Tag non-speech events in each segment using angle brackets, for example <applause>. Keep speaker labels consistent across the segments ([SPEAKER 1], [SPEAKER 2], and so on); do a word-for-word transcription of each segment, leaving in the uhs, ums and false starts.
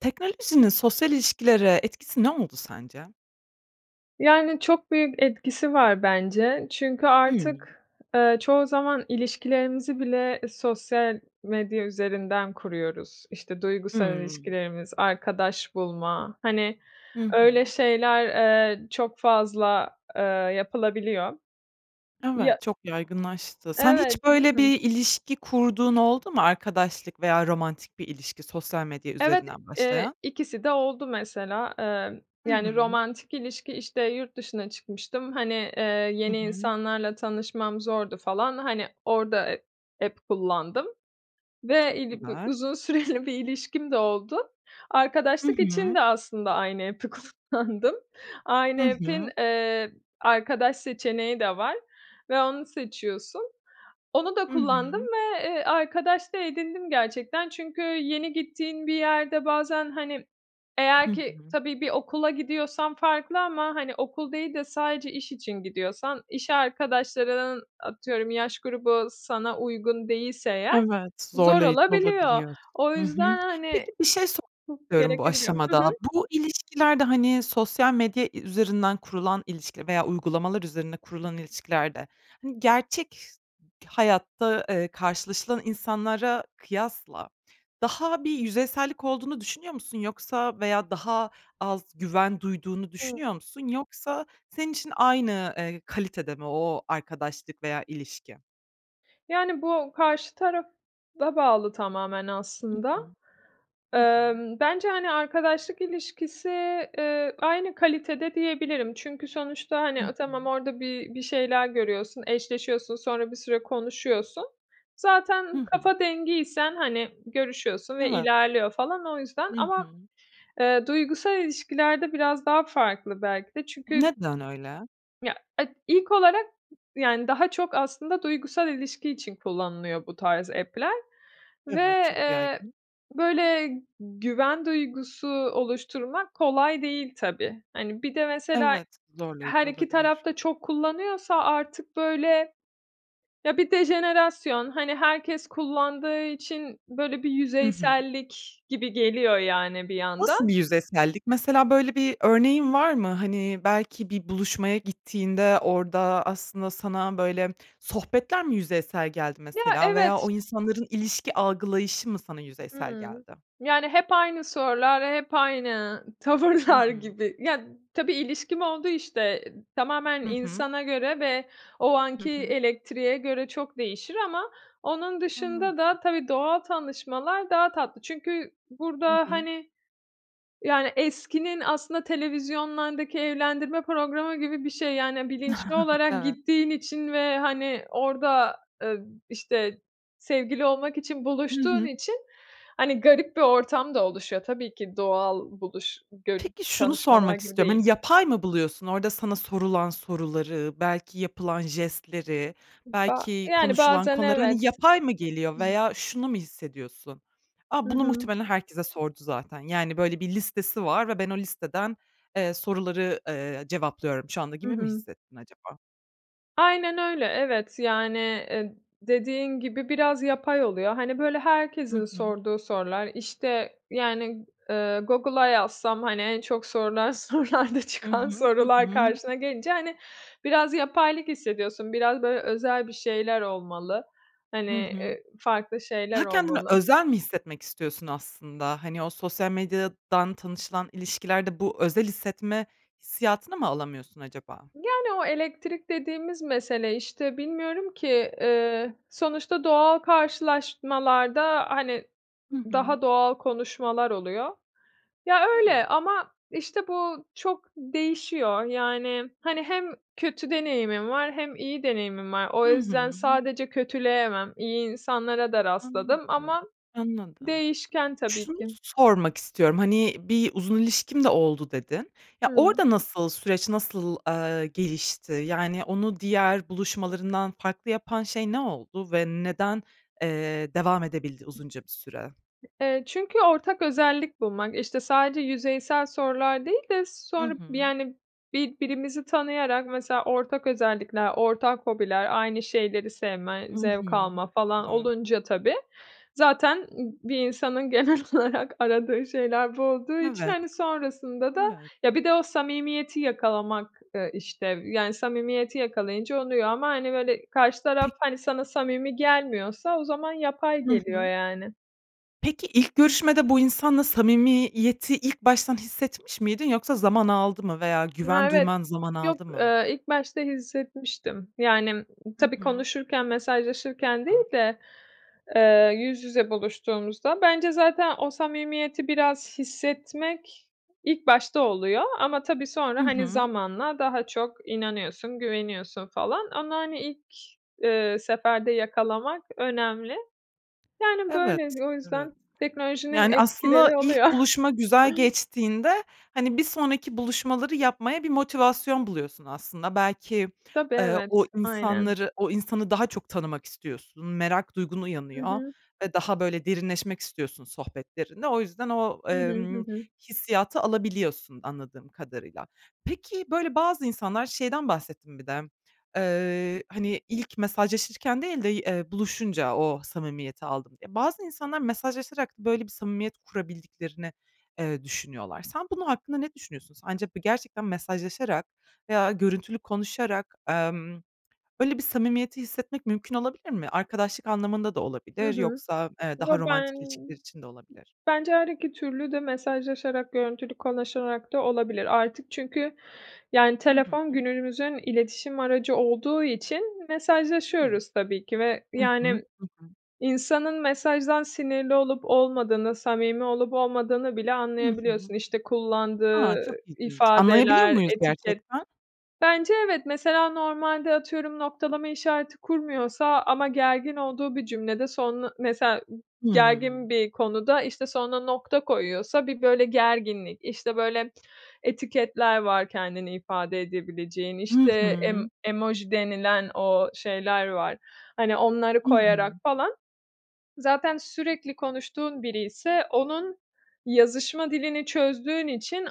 [SPEAKER 1] Teknolojinin sosyal ilişkilere etkisi ne oldu sence?
[SPEAKER 2] Yani, çok büyük etkisi var bence. Çünkü
[SPEAKER 1] Hıı.
[SPEAKER 2] artık, ııı, çoğu zaman ilişkilerimizi bile sosyal medya üzerinden kuruyoruz. İşte, duygusal
[SPEAKER 1] Hıı.
[SPEAKER 2] ilişkilerimiz, arkadaş bulma. Hani,
[SPEAKER 1] Hı
[SPEAKER 2] öyle
[SPEAKER 1] hı.
[SPEAKER 2] şeyler, eee, çok fazla, eee, yapılabiliyor. Ya
[SPEAKER 1] Evet, çok yaygınlaştı. Sen hiç
[SPEAKER 2] Evet, değil
[SPEAKER 1] böyle
[SPEAKER 2] mi?
[SPEAKER 1] bir ilişki kurduğun oldu mu? Arkadaşlık veya romantik bir ilişki, sosyal medya
[SPEAKER 2] Evet,
[SPEAKER 1] üzerinden
[SPEAKER 2] eee,
[SPEAKER 1] başlayan.
[SPEAKER 2] ikisi de oldu, mesela. Emm,
[SPEAKER 1] Hı
[SPEAKER 2] yani,
[SPEAKER 1] hı.
[SPEAKER 2] romantik ilişki, işte, yurt dışına çıkmıştım, hani, eee,
[SPEAKER 1] Hı
[SPEAKER 2] yeni
[SPEAKER 1] hı.
[SPEAKER 2] insanlarla tanışmam zordu falan. Hani, orada, e app kullandım ve,
[SPEAKER 1] Çok
[SPEAKER 2] iii, bi
[SPEAKER 1] güzel.
[SPEAKER 2] uzun süreli bir ilişkim de oldu.
[SPEAKER 1] Hı
[SPEAKER 2] Arkadaşlık için
[SPEAKER 1] hı.
[SPEAKER 2] de aslında aynı app'i kullandım.
[SPEAKER 1] Hı
[SPEAKER 2] Aynı app'in
[SPEAKER 1] hı.
[SPEAKER 2] eee, arkadaş seçeneği de var ve onu seçiyorsun. Onu da
[SPEAKER 1] Hı
[SPEAKER 2] kullandım
[SPEAKER 1] hı.
[SPEAKER 2] ve, eee, arkadaş da edindim gerçekten. Çünkü yeni gittiğin bir yerde bazen, hani,
[SPEAKER 1] Hı
[SPEAKER 2] eğer ki
[SPEAKER 1] hı.
[SPEAKER 2] tabii bir okula gidiyorsan farklı ama, hani, okul değil de sadece iş için gidiyorsan, iş arkadaşlarının atıyorum yaş grubu sana uygun değilse eğer,
[SPEAKER 1] Evet,
[SPEAKER 2] zor
[SPEAKER 1] zorlayıcı
[SPEAKER 2] olabiliyor.
[SPEAKER 1] olabiliyor.
[SPEAKER 2] O
[SPEAKER 1] Hı hı.
[SPEAKER 2] yüzden, hani,
[SPEAKER 1] Peki, bir şey sormak
[SPEAKER 2] çok
[SPEAKER 1] istiyorum bu
[SPEAKER 2] gerekebiliyor. Hı
[SPEAKER 1] aşamada,
[SPEAKER 2] hı.
[SPEAKER 1] bu ilişkilerde, hani, sosyal medya i üzerinden kurulan ilişkiler veya uygulamalar üzerine kurulan ilişkilerde, hani, gerçek ş hayatta, eee, karşılaşılan insanlara kıyasla daha bir yüzeysellik olduğunu düşünüyor musun, yoksa veya daha az güven duyduğunu
[SPEAKER 2] Hıı.
[SPEAKER 1] düşünüyor musun, yoksa senin için aynı, eee, kalitede mi o arkadaşlık veya ilişki?
[SPEAKER 2] Yani, bu karşı tarafa bağlı tamamen
[SPEAKER 1] Hı
[SPEAKER 2] aslında.
[SPEAKER 1] hı, hı hı.
[SPEAKER 2] Emm, bence, hani, arkadaşlık ilişkisi, ııı, aynı kalitede diyebilirim çünkü sonuçta,
[SPEAKER 1] Hı
[SPEAKER 2] hani, a, tamam,
[SPEAKER 1] hı.
[SPEAKER 2] orada bir bir şeyler görüyorsun, eşleşiyorsun, sonra bir süre konuşuyorsun.
[SPEAKER 1] Hı
[SPEAKER 2] Zaten
[SPEAKER 1] hı.
[SPEAKER 2] kafa dengiysen, hani, görüşüyorsun ve
[SPEAKER 1] Evet.
[SPEAKER 2] ilerliyor falan o yüzden.
[SPEAKER 1] Hı
[SPEAKER 2] Ama,
[SPEAKER 1] hı.
[SPEAKER 2] eee, duygusal ilişkilerde biraz daha farklı belki de çünkü
[SPEAKER 1] Neden öyle?
[SPEAKER 2] Ya, ed ilk olarak yani, daha çok aslında duygusal ilişki için kullanılıyor bu tarz app'ler ve,
[SPEAKER 1] Evet, çok
[SPEAKER 2] eee,
[SPEAKER 1] yaygın.
[SPEAKER 2] böyle güven duygusu oluşturmak kolay değil tabii. Hani, bir de mesela
[SPEAKER 1] Evet,
[SPEAKER 2] her
[SPEAKER 1] zorlayıcı
[SPEAKER 2] iki taraf
[SPEAKER 1] olabilir.
[SPEAKER 2] da çok kullanıyorsa artık, böyle Ya, bir de jenerasyon, hani, herkes kullandığı için böyle bir
[SPEAKER 1] Hı hı.
[SPEAKER 2] yüzeysellik gibi geliyor, yani, bir yandan.
[SPEAKER 1] Nasıl bir yüzeysellik? Mesela, böyle bir örneğin var mı? Hani, belki bir buluşmaya gittiğinde orada aslında sana, böyle, sohbetler mi yüzeysel geldi,
[SPEAKER 2] Ya,
[SPEAKER 1] mesela veya
[SPEAKER 2] evet.
[SPEAKER 1] o insanların ilişki algılayışı mı sana yüzeysel
[SPEAKER 2] Hıı.
[SPEAKER 1] geldi?
[SPEAKER 2] Yani, hep aynı sorular, hep aynı
[SPEAKER 1] Hı
[SPEAKER 2] tavırlar
[SPEAKER 1] hı.
[SPEAKER 2] gibi. Ya, tabii ilişkim oldu, işte, eee, tamamen
[SPEAKER 1] Hı hı.
[SPEAKER 2] insana göre ve o
[SPEAKER 1] Hı
[SPEAKER 2] anki
[SPEAKER 1] hı.
[SPEAKER 2] elektriğe göre çok değişir ama onun
[SPEAKER 1] Anladım.
[SPEAKER 2] dışında da tabii doğal tanışmalar daha tatlı. Çünkü
[SPEAKER 1] Hı
[SPEAKER 2] burada,
[SPEAKER 1] hı.
[SPEAKER 2] hani, yani, eskinin aslında televizyonlardaki evlendirme programı gibi bir şey, yani, bilinçli
[SPEAKER 1] <chuckles>
[SPEAKER 2] olarak
[SPEAKER 1] Evet.
[SPEAKER 2] gittiğin için ve, hani, orada, ııı, b işte, sevgili olmak için
[SPEAKER 1] Hı
[SPEAKER 2] buluştuğun
[SPEAKER 1] hı.
[SPEAKER 2] için, hani, garip bir ortam da oluşuyor, tabii ki doğal buluş görü
[SPEAKER 1] Peki, şunu
[SPEAKER 2] tanışmalar
[SPEAKER 1] sormak
[SPEAKER 2] gibi
[SPEAKER 1] istiyorum,
[SPEAKER 2] değil.
[SPEAKER 1] hani, yapay mı buluyorsun? Orada sana sorulan soruları, belki yapılan jestleri,
[SPEAKER 2] Ba
[SPEAKER 1] belki
[SPEAKER 2] yani,
[SPEAKER 1] konuşulan
[SPEAKER 2] bazen,
[SPEAKER 1] konuları, hani,
[SPEAKER 2] evet.
[SPEAKER 1] yapay mı geliyor veya şunu mu hissediyorsun?
[SPEAKER 2] Hı
[SPEAKER 1] "A, bunu
[SPEAKER 2] hı.
[SPEAKER 1] muhtemelen herkese sordu zaten, yani, böyle bir listesi var ve ben o listeden, eee, soruları, eee, cevaplıyorum şu anda."
[SPEAKER 2] Hı
[SPEAKER 1] gibi mi
[SPEAKER 2] hı.
[SPEAKER 1] hissettin acaba?
[SPEAKER 2] Aynen öyle, evet. Yani, eee, dediğin gibi, biraz yapay oluyor. Hani, böyle, herkesin
[SPEAKER 1] Hı hı.
[SPEAKER 2] sorduğu sorular, işte, yani, eee, Google'a yazsam, hani, en çok sorulan sorularda
[SPEAKER 1] Hı
[SPEAKER 2] çıkan
[SPEAKER 1] hı. Hı
[SPEAKER 2] sorular
[SPEAKER 1] hı.
[SPEAKER 2] karşına gelince, hani, biraz yapaylık hissediyorsun, biraz, böyle, özel bir şeyler olmalı. Hani,
[SPEAKER 1] Hı hı.
[SPEAKER 2] eee, farklı şeyler
[SPEAKER 1] Daha kendini
[SPEAKER 2] olmalı.
[SPEAKER 1] özel mi hissetmek istiyorsun aslında? Hani, o sosyal medyadan tanışılan ilişkilerde bu özel hissetme hissiyatını mı alamıyorsun acaba?
[SPEAKER 2] Yani, o elektrik dediğimiz mesele, işte, bilmiyorum ki, eee, sonuçta doğal karşılaşmalarda, hani,
[SPEAKER 1] Hı hı.
[SPEAKER 2] daha doğal konuşmalar oluyor. Ya, öyle
[SPEAKER 1] Evet.
[SPEAKER 2] ama, işte, bu çok değişiyor. Yani, hani, hem kötü deneyimim var hem iyi deneyimim var. O
[SPEAKER 1] Hı hı.
[SPEAKER 2] yüzden sadece kötüleyemem, iyi insanlara da rastladım
[SPEAKER 1] Anladım,
[SPEAKER 2] ama
[SPEAKER 1] anladım.
[SPEAKER 2] değişken tabii
[SPEAKER 1] Şunu
[SPEAKER 2] ki.
[SPEAKER 1] sormak istiyorum, hani, "Bir uzun ilişkim de oldu." dedin. Ya,
[SPEAKER 2] Hıı.
[SPEAKER 1] orada nasıl süreç, nasıl, eee, gelişti? Yani, onu diğer buluşmalarından farklı yapan şey ne oldu? Ve neden, eee, devam edebildi uzunca bir süre?
[SPEAKER 2] Eee, çünkü ortak özellik bulmak. İşte, sadece yüzeysel sorular değil de
[SPEAKER 1] Hı
[SPEAKER 2] sonra bi
[SPEAKER 1] hı.
[SPEAKER 2] yani, birbirimizi tanıyarak mesela ortak özellikler, ortak hobiler, aynı şeyleri sevme,
[SPEAKER 1] Hı
[SPEAKER 2] zevk
[SPEAKER 1] hı.
[SPEAKER 2] alma
[SPEAKER 1] Çok
[SPEAKER 2] falan
[SPEAKER 1] güzel.
[SPEAKER 2] olunca tabii zaten bir insanın genel olarak aradığı şeyler bu olduğu için,
[SPEAKER 1] Evet.
[SPEAKER 2] hani, sonrasında da
[SPEAKER 1] Evet.
[SPEAKER 2] ya, bir de o samimiyeti yakalamak eee, işte, yani, samimiyeti yakalayınca oluyor ama, hani, böyle, karşı taraf,
[SPEAKER 1] P
[SPEAKER 2] hani, sana samimi gelmiyorsa o zaman yapay
[SPEAKER 1] Hı
[SPEAKER 2] geliyor,
[SPEAKER 1] hı.
[SPEAKER 2] yani.
[SPEAKER 1] Peki, ilk görüşmede bu insanla samimiyeti ilk baştan hissetmiş miydin, yoksa zaman aldı mı veya
[SPEAKER 2] Ha,
[SPEAKER 1] güven
[SPEAKER 2] evet.
[SPEAKER 1] duyman zaman
[SPEAKER 2] Yok,
[SPEAKER 1] aldı mı?
[SPEAKER 2] eee, ilk başta hissetmiştim. Yani,
[SPEAKER 1] Hı
[SPEAKER 2] tabii
[SPEAKER 1] hı.
[SPEAKER 2] konuşurken, mesajlaşırken değil de, eee, yüz yüze buluştuğumuzda. Bence zaten o samimiyeti biraz hissetmek ilk başta oluyor ama tabii sonra,
[SPEAKER 1] Hı
[SPEAKER 2] hani,
[SPEAKER 1] hı.
[SPEAKER 2] zamanla daha çok inanıyorsun, güveniyorsun falan. Onu, hani, ilk, eee, seferde yakalamak önemli. Yani,
[SPEAKER 1] Evet,
[SPEAKER 2] böyle, o
[SPEAKER 1] evet.
[SPEAKER 2] yüzden teknolojinin
[SPEAKER 1] Yani, aslında
[SPEAKER 2] etkileri oluyor.
[SPEAKER 1] ilk
[SPEAKER 2] <chuckles>
[SPEAKER 1] buluşma güzel geçtiğinde, hani, bir sonraki buluşmaları yapmaya bir motivasyon buluyorsun aslında. Belki,
[SPEAKER 2] Tabii,
[SPEAKER 1] eee, o
[SPEAKER 2] evet. Aynen.
[SPEAKER 1] insanları o insanı daha çok tanımak istiyorsun, merak duygun
[SPEAKER 2] Hı
[SPEAKER 1] uyanıyor
[SPEAKER 2] hı.
[SPEAKER 1] ve daha böyle derinleşmek istiyorsun sohbetlerinde. O yüzden o,
[SPEAKER 2] Hı hı. Hı
[SPEAKER 1] emm,
[SPEAKER 2] hı.
[SPEAKER 1] hissiyatı alabiliyorsun anladığım kadarıyla. Peki, böyle bazı insanlar şeyden bahsettin bir de, eee, hani, "İlk mesajlaşırken değil de y eee, buluşunca o samimiyeti aldım." diye. Bazı insanlar, mesajlaşarak böyle bir samimiyet kurabildiklerini, eee, düşünüyorlar. Sen, bunun hakkında ne düşünüyorsun? Sence b gerçekten mesajlaşarak veya görüntülü konuşarak, emm, böyle bir samimiyeti hissetmek mümkün olabilir mi? Arkadaşlık anlamında da
[SPEAKER 2] Hı
[SPEAKER 1] olabilir,
[SPEAKER 2] hı.
[SPEAKER 1] yoksa, eee,
[SPEAKER 2] Yo,
[SPEAKER 1] daha
[SPEAKER 2] ben
[SPEAKER 1] romantik ilişkiler için de olabilir.
[SPEAKER 2] bence her iki türlü de mesajlaşarak, görüntülü konuşarak da olabilir. Artık çünkü, yani,
[SPEAKER 1] Hı, hı
[SPEAKER 2] telefon
[SPEAKER 1] hı.
[SPEAKER 2] günümüzün iletişim aracı olduğu için
[SPEAKER 1] Evet.
[SPEAKER 2] mesajlaşıyoruz tabii ki ve,
[SPEAKER 1] Hı hı.
[SPEAKER 2] yani,
[SPEAKER 1] Hı hı.
[SPEAKER 2] insanın mesajdan sinirli olup olmadığını, samimi olup olmadığını bile
[SPEAKER 1] Hı hı.
[SPEAKER 2] anlayabiliyorsun. İşte,
[SPEAKER 1] A!
[SPEAKER 2] kullandığı
[SPEAKER 1] Çok ilginç. Anlayabiliyor
[SPEAKER 2] ifadeler,
[SPEAKER 1] muyuz
[SPEAKER 2] etiket.
[SPEAKER 1] gerçekten?
[SPEAKER 2] Bence, evet. Mesela, normalde atıyorum, noktalama işareti kurmuyorsa ama gergin olduğu bir cümlede son mesela,
[SPEAKER 1] Hıı.
[SPEAKER 2] gergin bir konuda, işte, sonuna nokta koyuyorsa bir, böyle, gerginlik, işte, böyle, etiketler var kendini ifade edebileceğin,
[SPEAKER 1] Hı
[SPEAKER 2] işte, em
[SPEAKER 1] hı.
[SPEAKER 2] emoji denilen o şeyler var, hani, onları
[SPEAKER 1] Hı
[SPEAKER 2] koyarak
[SPEAKER 1] hı.
[SPEAKER 2] falan. Zaten sürekli konuştuğun biriyse onun yazışma dilini çözdüğün için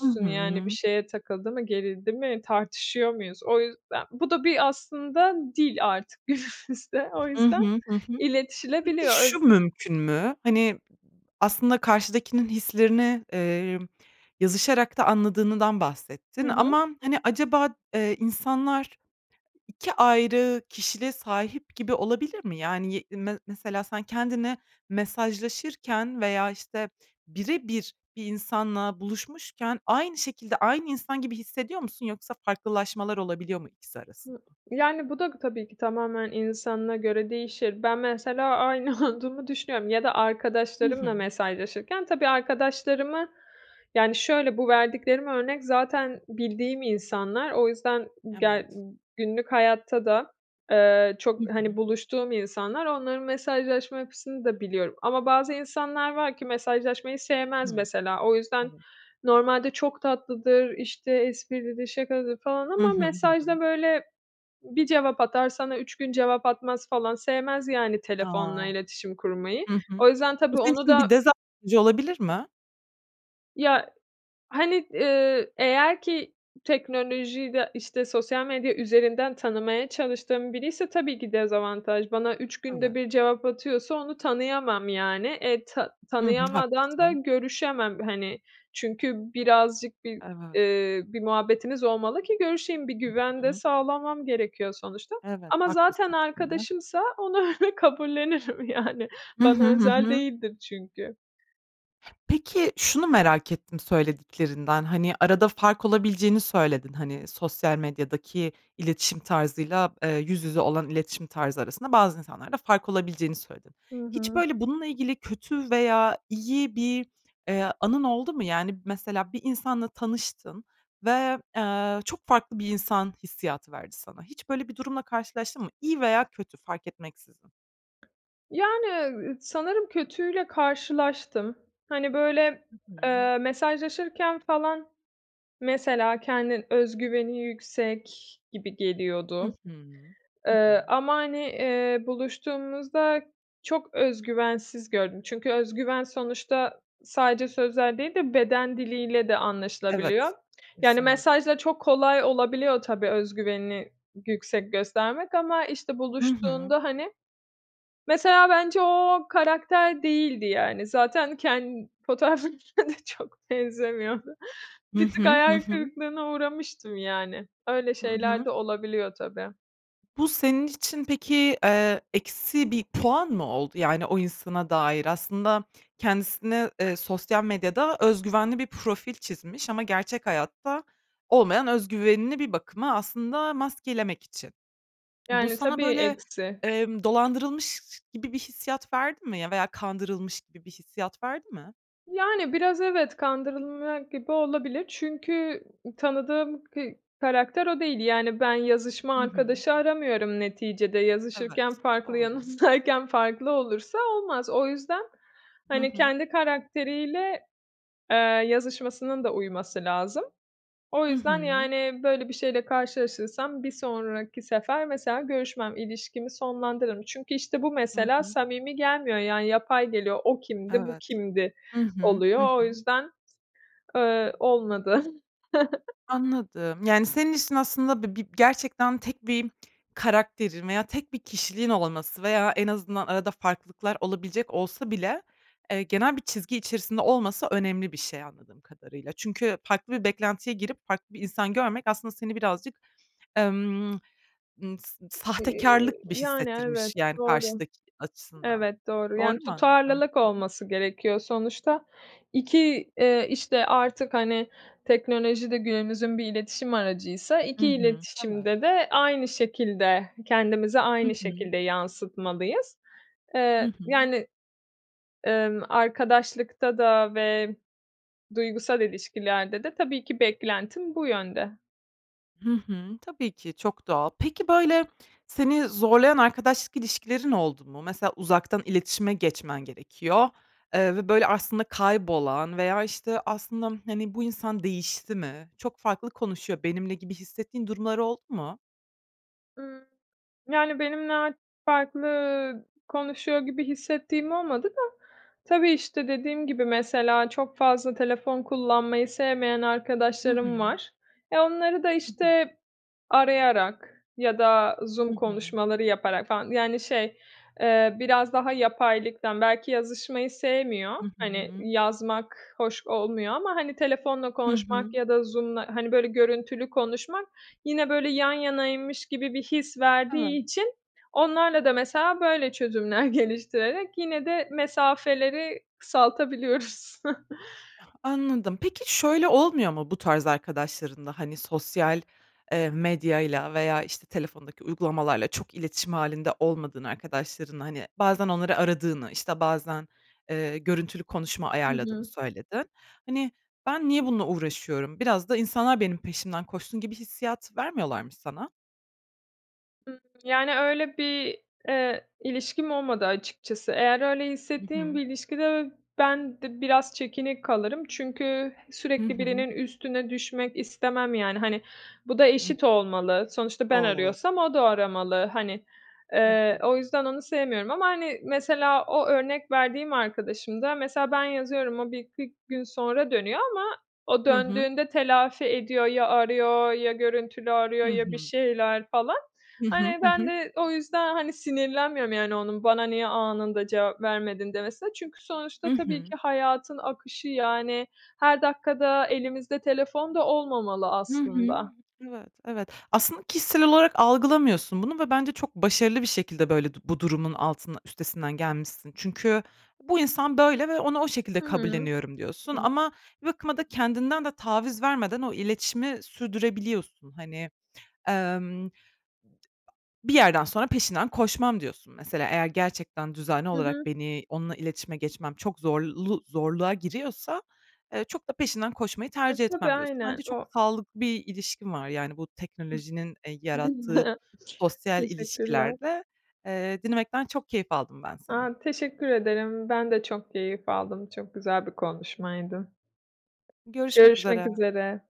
[SPEAKER 1] Hı
[SPEAKER 2] yani, bir
[SPEAKER 1] hı.
[SPEAKER 2] şeye takıldı mı, gerildi mi, tartışıyor muyuz? O yüzden, bu da bir aslında dil artık günümüzde. O
[SPEAKER 1] Hı
[SPEAKER 2] yüzden
[SPEAKER 1] hı. Hı hı. Peki,
[SPEAKER 2] iletişilebiliyor. Öz
[SPEAKER 1] şu mümkün mü? Hani, aslında karşıdakinin hislerini, eee, yazışarak da anladığınıdan
[SPEAKER 2] Hı
[SPEAKER 1] bahsettin
[SPEAKER 2] hı.
[SPEAKER 1] ama, hani, acaba, eee, insanlar iki ayrı kişiliğe sahip gibi olabilir mi? Yani, ye me mesela, sen kendini mesajlaşırken veya, işte, bire bir bir insanla buluşmuşken aynı şekilde, aynı insan gibi hissediyor musun yoksa farklılaşmalar olabiliyor mu ikisi arasında?
[SPEAKER 2] Hı Yani, bu da tabii ki tamamen insanına göre değişir. Ben, mesela aynı olduğumu düşünüyorum ya da
[SPEAKER 1] Hı hı.
[SPEAKER 2] arkadaşlarımla mesajlaşırken tabii arkadaşlarımı Yani, şöyle; bu verdiklerimi örnek zaten bildiğim insanlar. O yüzden ge
[SPEAKER 1] Evet.
[SPEAKER 2] günlük hayatta da, eee,
[SPEAKER 1] Hı
[SPEAKER 2] çok, hani,
[SPEAKER 1] hı.
[SPEAKER 2] buluştuğum insanlar. Onların mesajlaşma yapısını da biliyorum. Ama bazı insanlar var ki mesajlaşmayı sevmez
[SPEAKER 1] Hıı,
[SPEAKER 2] mesela, o yüzden
[SPEAKER 1] evet.
[SPEAKER 2] normalde çok tatlıdır, işte, esprilidir, şakacıdır falan
[SPEAKER 1] Hı
[SPEAKER 2] ama
[SPEAKER 1] hı. Hı hı.
[SPEAKER 2] mesajda, böyle, bir cevap atar, sana üç gün cevap atmaz falan sevmez, yani,
[SPEAKER 1] A!
[SPEAKER 2] telefonla iletişim kurmayı.
[SPEAKER 1] Hı hı.
[SPEAKER 2] O yüzden
[SPEAKER 1] Bu,
[SPEAKER 2] tabii
[SPEAKER 1] senin
[SPEAKER 2] onu
[SPEAKER 1] için
[SPEAKER 2] da
[SPEAKER 1] bir dezavantajı olabilir mi?
[SPEAKER 2] Ya, hani, ııı, eğer ki teknolojiyi de, işte, sosyal medya üzerinden tanımaya çalıştığım biriyse tabii ki dezavantaj. Bana üç günde
[SPEAKER 1] Evet.
[SPEAKER 2] bir cevap atıyorsa onu tanıyamam, yani. E, tanı
[SPEAKER 1] Hı hı,
[SPEAKER 2] tanıyamadan da
[SPEAKER 1] haklısın.
[SPEAKER 2] görüşemem, hani. Çünkü birazcık bir,
[SPEAKER 1] Evet.
[SPEAKER 2] eee, bir muhabbetimiz olmalı ki görüşeyim, bir
[SPEAKER 1] Hı
[SPEAKER 2] güven de
[SPEAKER 1] hı.
[SPEAKER 2] sağlamam gerekiyor sonuçta.
[SPEAKER 1] Evet,
[SPEAKER 2] Ama zaten
[SPEAKER 1] haklısın. <unintelligible>
[SPEAKER 2] arkadaşımsa onu öyle kabullenirim, yani.
[SPEAKER 1] Hı hı,
[SPEAKER 2] Bana
[SPEAKER 1] hı
[SPEAKER 2] özel
[SPEAKER 1] hı.
[SPEAKER 2] değildir çünkü.
[SPEAKER 1] Peki, şunu merak ettim söylediklerinden, hani, arada fark olabileceğini söyledin; hani, sosyal medyadaki iletişim tarzıyla, eee, yüz yüze olan iletişim tarzı arasında bazı insanlarda fark olabileceğini söyledin.
[SPEAKER 2] Hı
[SPEAKER 1] Hiç,
[SPEAKER 2] hı.
[SPEAKER 1] böyle, bununla ilgili kötü veya iyi bir, eee, anın oldu mu? Yani, mesela, bir insanla tanıştın ve, eee, çok farklı bir insan hissiyatı verdi sana. Hiç böyle bir durumla karşılaştın mı? İyi veya kötü, fark etmeksizin.
[SPEAKER 2] Yani, ııı, sanırım kötüyle karşılaştım. Hani, böyle,
[SPEAKER 1] Hı hı.
[SPEAKER 2] eee, mesajlaşırken falan, mesela, kendi öz güveni yüksek gibi
[SPEAKER 1] Hı
[SPEAKER 2] geliyordu.
[SPEAKER 1] hı, hı hı.
[SPEAKER 2] Eee, ama, hani, eee, buluştuğumuzda çok öz güvensiz gördüm. Çünkü öz güven sonuçta sadece sözler değil de beden diliyle de
[SPEAKER 1] Evet,
[SPEAKER 2] anlaşılabiliyor. Yani,
[SPEAKER 1] kesinlik
[SPEAKER 2] mesajda çok kolay olabiliyor tabii öz güvenini yüksek göstermek ama, işte,
[SPEAKER 1] Hı hı.
[SPEAKER 2] buluştuğunda hani Mesela, bence o, o karakter değildi, yani. Zaten ken fotoğraflarına da çok benzemiyordu.
[SPEAKER 1] Hı
[SPEAKER 2] Bir tık
[SPEAKER 1] hı, hı
[SPEAKER 2] hayal
[SPEAKER 1] hı.
[SPEAKER 2] kırıklığına uğramıştım, yani. Öyle
[SPEAKER 1] Hı
[SPEAKER 2] şeyler
[SPEAKER 1] hı.
[SPEAKER 2] de olabiliyor, tabii.
[SPEAKER 1] Bu senin için peki, eee, eksi bir puan mı oldu, yani, o insana dair? Aslında kendisine, eee, sosyal medyada öz güvenli bir profil çizmiş ama gerçek hayatta olmayan öz güvenini bir bakıma aslında maskelemek için. Bu
[SPEAKER 2] Yani,
[SPEAKER 1] sana,
[SPEAKER 2] tabii,
[SPEAKER 1] böyle,
[SPEAKER 2] eksi.
[SPEAKER 1] emm, dolandırılmış gibi bir hissiyat verdi mi? Ya, veya kandırılmış gibi bir hissiyat verdi mi?
[SPEAKER 2] Yani, biraz evet, kandırılmak gibi olabilir. Çünkü tanıdığım k karakter o değil. Yani, ben yazışma
[SPEAKER 1] Hı hı.
[SPEAKER 2] arkadaşı aramıyorum neticede, yazışırken
[SPEAKER 1] Evet,
[SPEAKER 2] farklı,
[SPEAKER 1] doğru.
[SPEAKER 2] yanımdayken farklı olursa olmaz. O yüzden,
[SPEAKER 1] Hı
[SPEAKER 2] hani,
[SPEAKER 1] hı.
[SPEAKER 2] kendi karakteriyle, eee, yazışmasının da uyması lazım. O
[SPEAKER 1] Hı
[SPEAKER 2] yüzden,
[SPEAKER 1] hı.
[SPEAKER 2] yani, böyle bir şeyle karşılaşırsam bir sonraki sefer, mesela, görüşmem, ilişkimi sonlandırırım. Çünkü, işte, bu
[SPEAKER 1] Hı
[SPEAKER 2] mesela
[SPEAKER 1] hı.
[SPEAKER 2] samimi gelmiyor, yani, yapay geliyor, "O kimdi, bu
[SPEAKER 1] Evet.
[SPEAKER 2] kimdi?"
[SPEAKER 1] Hı hı.
[SPEAKER 2] oluyor.
[SPEAKER 1] Hı
[SPEAKER 2] O
[SPEAKER 1] hı.
[SPEAKER 2] yüzden, eee, olmadı. <chuckles>
[SPEAKER 1] Anladım. Yani, senin için aslında bi bi gerçekten tek bir karakterin veya tek bir kişiliğin olması veya en azından arada farklılıklar olabilecek olsa bile, eee, genel bir çizgi içerisinde olması önemli bir şey, anladığım kadarıyla. Çünkü farklı bir beklentiye girip farklı bir insan görmek aslında seni birazcık, emm, ımm, s sa
[SPEAKER 2] Y
[SPEAKER 1] sahtekarlık gibi
[SPEAKER 2] yani
[SPEAKER 1] hissettirmiş,
[SPEAKER 2] evet,
[SPEAKER 1] yani,
[SPEAKER 2] doğru.
[SPEAKER 1] karşıdaki açısından.
[SPEAKER 2] Evet, doğru. Yani,
[SPEAKER 1] Doğru mu anladım? Hı
[SPEAKER 2] tutarlılık
[SPEAKER 1] hı.
[SPEAKER 2] olması gerekiyor sonuçta. İki, eee, işte, artık, hani, teknolojide günümüzün bir iletişim aracıysa,
[SPEAKER 1] Hı
[SPEAKER 2] iki
[SPEAKER 1] hı. Evet.
[SPEAKER 2] iletişimde de aynı şekilde, kendimizi
[SPEAKER 1] Hı
[SPEAKER 2] aynı
[SPEAKER 1] hı.
[SPEAKER 2] şekilde yansıtmalıyız.
[SPEAKER 1] Hı
[SPEAKER 2] Eee,
[SPEAKER 1] hı.
[SPEAKER 2] yani, emm, arkadaşlıkta da ve duygusal ilişkilerde de tabii ki beklentim bu yönde.
[SPEAKER 1] Hı hı. Tabii ki çok doğal. Peki, böyle, seni zorlayan arkadaşlık ilişkilerin oldu mu? Mesela uzaktan iletişime geçmen gerekiyor, eee, ve, böyle, aslında kaybolan veya, işte, aslında, hani, "Bu insan değişti mi? Çok farklı konuşuyor benimle." gibi hissettiğin durumlar oldu mu?
[SPEAKER 2] Imm, yani, benimle a farklı konuşuyor gibi hissettiğim olmadı da... Tabii, işte, dediğim gibi, mesela çok fazla telefon kullanmayı sevmeyen
[SPEAKER 1] Hı
[SPEAKER 2] arkadaşlarım
[SPEAKER 1] hı.
[SPEAKER 2] var. E, onları da,
[SPEAKER 1] <unintelligible>
[SPEAKER 2] işte, arayarak ya da
[SPEAKER 1] Hı
[SPEAKER 2] Zoom
[SPEAKER 1] hı.
[SPEAKER 2] konuşmaları yaparak falan yani, şey, eee, biraz daha yapaylıktan. Belki yazışmayı sevmiyor,
[SPEAKER 1] Hı
[SPEAKER 2] hani,
[SPEAKER 1] hı.
[SPEAKER 2] yazmak hoş olmuyor ama, hani, telefonla
[SPEAKER 1] Hı
[SPEAKER 2] konuşmak
[SPEAKER 1] hı.
[SPEAKER 2] ya da Zoom'la, hani, böyle, görüntülü konuşmak yine, böyle, yan yanaymış gibi bir his verdiği
[SPEAKER 1] Evet.
[SPEAKER 2] için onlarla da mesela böyle çözümler geliştirerek yine de mesafeleri kısaltabiliyoruz. <chuckles>
[SPEAKER 1] Anladım. Peki, şöyle olmuyor mu bu tarz arkadaşlarınla? Hani, sosyal, eee, medyayla veya, işte, telefondaki uygulamalarla çok iletişim hâlinde olmadığın arkadaşlarınla, hani, bazen onları aradığını, işte, bazen, eee, görüntülü konuşma
[SPEAKER 2] Hı
[SPEAKER 1] ayarladığını
[SPEAKER 2] hı.
[SPEAKER 1] söyledin. Hani, "Ben niye bununla uğraşıyorum? Biraz da insanlar benim peşimden koşsun." gibi hissiyat vermiyorlar mı sana?
[SPEAKER 2] Iıı, yani, öyle bir, eee, ilişkim olmadı açıkçası. Eğer öyle
[SPEAKER 1] Hı
[SPEAKER 2] hissettiğim
[SPEAKER 1] hı.
[SPEAKER 2] bir ilişkide ö ben de biraz çekinik kalırım çünkü
[SPEAKER 1] Hı
[SPEAKER 2] sürekli
[SPEAKER 1] hı.
[SPEAKER 2] birinin üstüne düşmek istemem, yani, hani, bu da
[SPEAKER 1] Hı hı.
[SPEAKER 2] eşit olmalı. Sonuçta ben
[SPEAKER 1] Doğal olarak.
[SPEAKER 2] arıyorsam o da aramalı, hani.
[SPEAKER 1] Hı
[SPEAKER 2] Eee,
[SPEAKER 1] hı.
[SPEAKER 2] o yüzden onu sevmiyorum ama, hani, mesela o örnek verdiğim arkadaşımda mesela ben yazıyorum, o bir iki gün sonra dönüyor ama o
[SPEAKER 1] Hı hı.
[SPEAKER 2] döndüğünde telafi ediyor. Ya arıyor ya görüntülü arıyor
[SPEAKER 1] Hı
[SPEAKER 2] ya bir
[SPEAKER 1] hı.
[SPEAKER 2] şeyler falan.
[SPEAKER 1] Hı hı,
[SPEAKER 2] Hani,
[SPEAKER 1] hı
[SPEAKER 2] ben
[SPEAKER 1] hı.
[SPEAKER 2] de o yüzden, hani, sinirlenmiyorum, yani, onun, "Bana niye anında cevap vermedin?" demesine. Çünkü
[SPEAKER 1] Hı
[SPEAKER 2] sonuçta tabii
[SPEAKER 1] hı.
[SPEAKER 2] ki hayatın akışı yani her dakika da elimizde telefon da olmamalı
[SPEAKER 1] Hı hı.
[SPEAKER 2] aslında.
[SPEAKER 1] Evet, evet. Aslında kişisel olarak algılamıyorsun bunu ve bence çok başarılı bir şekilde böyle du bu durumun altında üstesinden gelmişsin. Çünkü, "Bu insan böyle ve onu o şekilde
[SPEAKER 2] Hıı.
[SPEAKER 1] kabulleniyorum." diyorsun.
[SPEAKER 2] <unintelligible>
[SPEAKER 1] Ama bir bakıma da kendinden de taviz vermeden o iletişimi sürdürebiliyorsun. Hani, emm, "Bir yerden sonra peşinden koşmam." diyorsun mesela. "Eğer gerçekten düzenli
[SPEAKER 2] Hı hı.
[SPEAKER 1] olarak beni onunla iletişime geçmem çok zorlu zorluğa giriyorsa, eee, çok da peşinden koşmayı
[SPEAKER 2] E,
[SPEAKER 1] tercih
[SPEAKER 2] tabii,
[SPEAKER 1] etmem." diyorsun. Bence
[SPEAKER 2] aynen.
[SPEAKER 1] çok
[SPEAKER 2] O
[SPEAKER 1] sağlıklı bir ilişkin var, yani, bu teknolojinin, eee, yarattığı
[SPEAKER 2] <chuckles>
[SPEAKER 1] sosyal
[SPEAKER 2] Teşekkürler.
[SPEAKER 1] ilişkilerde. Eee, dinlemekten çok keyif aldım ben seni.
[SPEAKER 2] A! Teşekkür ederim. Ben de çok keyif aldım, çok güzel bir konuşmaydı.
[SPEAKER 1] Görüşmek
[SPEAKER 2] Görüşmek
[SPEAKER 1] üzere.
[SPEAKER 2] üzere.